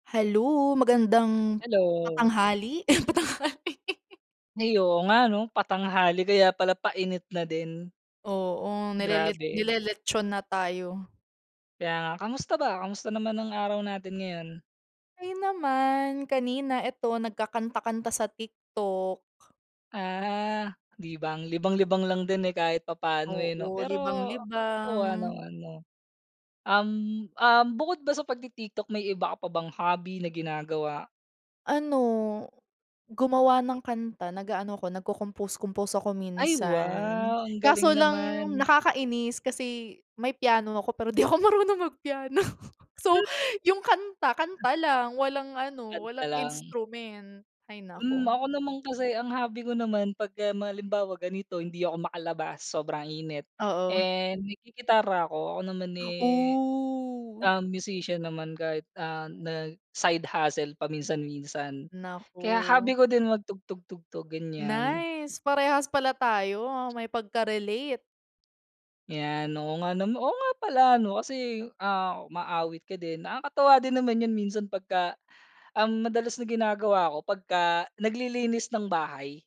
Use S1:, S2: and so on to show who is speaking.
S1: Hello magandang,
S2: Hello.
S1: patanghali? patanghali.
S2: Ay, oo nga 'no, patanghali kaya pala painit na din.
S1: Oo, nilelet
S2: Grabe.
S1: nileletson na tayo.
S2: Kaya nga, kamusta ba? Kamusta naman ang araw natin ngayon?
S1: Okey naman, kanina ito nagkakanta-kanta sa TikTok.
S2: Ah, libang. Libang-libang lang din, eh, kahit papaano, eh, 'no.
S1: Oo,
S2: Pero, oh,
S1: libang-libang.
S2: ano ano? Um, um, bukod ba sa pagti-TikTok may iba ka pa bang hobby na ginagawa?
S1: Ano, gumawa ng kanta nag-aano ako nagkocompose compose ako
S2: Ay
S1: minsan,
S2: wow. Ang galing
S1: kaso lang
S2: naman.
S1: nakakainis kasi may piano ako pero di ako marunong mag piano. So
S2: Hmm.
S1: yung kanta, kanta lang walang ano
S2: Kanta
S1: walang
S2: lang.
S1: instrument, hay
S2: Hmm,
S1: naku.
S2: ako naman kasi ang hobby ko naman pagka ma halimbawa ganito hindi ako makalabas sobrang init,
S1: Oo.
S2: eh, naggigitara ako. Ako naman, eh,
S1: Oh.
S2: um, musician naman kahit, ah, nag side hustle paminsan-minsan. Kaya hobby
S1: Naku.
S2: ko din magtugtog-tugtog ganyan.
S1: Nice! Parehas pala tayo may pagkarelate.
S2: 'Yan, oo nga nama oo nga pala 'no kasi, ah, umaawit ka din, nakakatuwa din naman 'yon minsan pagka ang madalas na ginagawa ko pagka naglilinis ng bahay.